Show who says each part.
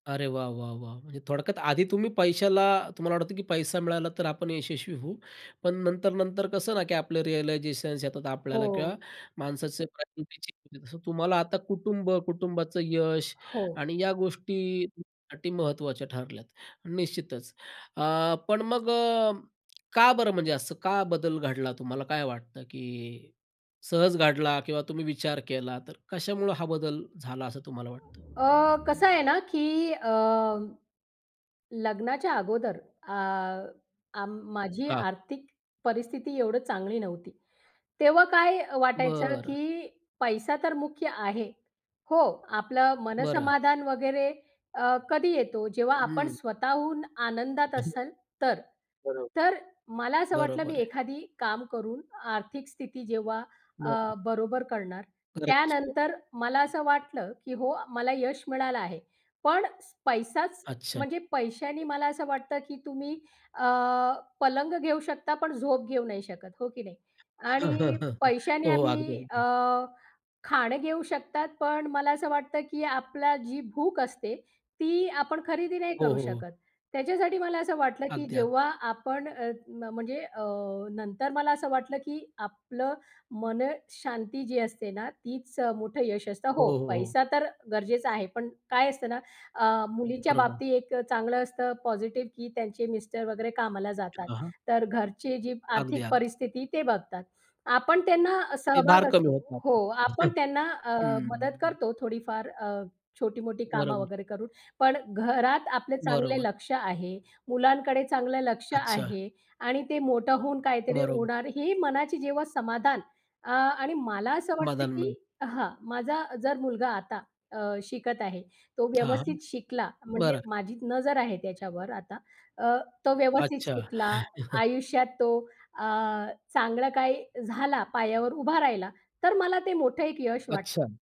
Speaker 1: अरे वाह! वाह! वाह! म्हणजे थोडक्यात आधी तुम्ही पैशाला तुम्हाला वाटतं की पैसा मिळाला तर आपण यशस्वी होऊ, पण नंतर-नंतर कसं ना की आपलं रिअलायझेशन्स येतात आपल्याला किंवा
Speaker 2: हो.
Speaker 1: माणसाचे [unintelligible] जसं तुम्हाला आता कुटुंब, कुटुंबाचं यश
Speaker 2: हो.
Speaker 1: आणि या गोष्टी तुमच्यासाठी महत्त्वाच्या ठरल्यात निश्चितच. अ, पण मग अ, का बरं म्हणजे असं का बदल घडला तुम्हाला काय वाटतं की सहज घडला किंवा तुम्ही विचार केला तर कशामुळं हा बदल झाला असं तुम्हाला वाटतं?
Speaker 2: अ, कसं आहे ना की अ, लग्नाच्या अगोदर अ, अ, माझी
Speaker 1: हां.
Speaker 2: आर्थिक परिस्थिती एवढं चांगली नव्हती. तेव्हा काय अ, वाटायचं
Speaker 1: बरं.
Speaker 2: की पैसा तर मुख्य आहे. हो, आपलं
Speaker 1: बरं.
Speaker 2: मनसमाधान वगैरे अ, कधी येतो जेव्हा आपण
Speaker 1: हं.
Speaker 2: स्वतःहून आनंदात असाल तर.
Speaker 1: बरं.
Speaker 2: तर मला असं वाटलं मी
Speaker 1: बरोबर आहे.
Speaker 2: एखादी काम करून आर्थिक स्थिती जेव्हा अ,
Speaker 1: बरं.
Speaker 2: बरोबर करणार,
Speaker 1: फरक असतो.
Speaker 2: त्यानंतर मला असं वाटलं की हो मला यश मिळालं आहे. पण स पैसाच
Speaker 1: अच्छा.
Speaker 2: म्हणजे पैशानी मला असं वाटतं की तुम्ही अ, पलंग घेऊ शकता पण झोप घेऊ नाही शकत. हो की नाही, आणि पैशाने
Speaker 1: हो. अगदी,
Speaker 2: आम्ही अ,
Speaker 1: अगदी.
Speaker 2: खाणं घेऊ शकतात, पण मला असं वाटतं की आपला जी भूक असते ती आपण खरेदी नाही
Speaker 1: हो,
Speaker 2: करू
Speaker 1: हो, हो.
Speaker 2: शकत. त्याच्यासाठी मला असं वाटलं की
Speaker 1: अगदी, अग
Speaker 2: जेव्हा आपण अ, न म्हणजे अ, नंतर मला असं वाटलं की आपलं मनशांती जी असते ना तीच मोठं यश असतं
Speaker 1: हो,
Speaker 2: हो
Speaker 1: हो, हो.
Speaker 2: पैसा तर गरजेचा आहे. पण काय असतं ना अ, मुलींच्या
Speaker 1: बरोबर.
Speaker 2: बाबतीत एक चांगलं असतं पॉझिटिव्ह की त्यांचे मिस्टर वगैरे कामाला जातात.
Speaker 1: हां, हां.
Speaker 2: तर घरची जी
Speaker 1: अगदी,
Speaker 2: आर्थिक
Speaker 1: अगदी.
Speaker 2: परिस्थिती ते बघतात. आपण त्यांना
Speaker 1: ते भार
Speaker 2: सहभाग
Speaker 1: कमी
Speaker 2: असतो.
Speaker 1: होतात.
Speaker 2: हो आपण
Speaker 1: हं.
Speaker 2: त्यांना अ, मदत
Speaker 1: हं.
Speaker 2: करतो थोडीफार अ, छोटी मोठी कामं
Speaker 1: बरोबर.
Speaker 2: वगैरे करून. पण घरात आपले चांगले
Speaker 1: बरोबर.
Speaker 2: लक्ष आहे, मुलांकडे चांगलं लक्ष
Speaker 1: अच्छा.
Speaker 2: आहे आणि ते मोठं होऊन काहीतरी
Speaker 1: बरोबर.
Speaker 2: होणार ही मनाची जेव्हा समाधान अ, आणि मला असं वाटतं
Speaker 1: मदान
Speaker 2: की
Speaker 1: मिळ.
Speaker 2: हां, माझा जर मुलगा आता अ, शिकत आहे. तो
Speaker 1: थांब,
Speaker 2: व्यवस्थित शिकला म्हणजे
Speaker 1: बरं.
Speaker 2: माझी नजर आहे त्याच्यावर आता अ, तो व्यवस्थित
Speaker 1: अच्छा.
Speaker 2: शिकला, आयुष्यात तो अ, चांगलं काही झाला, पायावर उभा राहिला, तर मला ते मोठं एक यश वाटतं.
Speaker 1: अच्छा.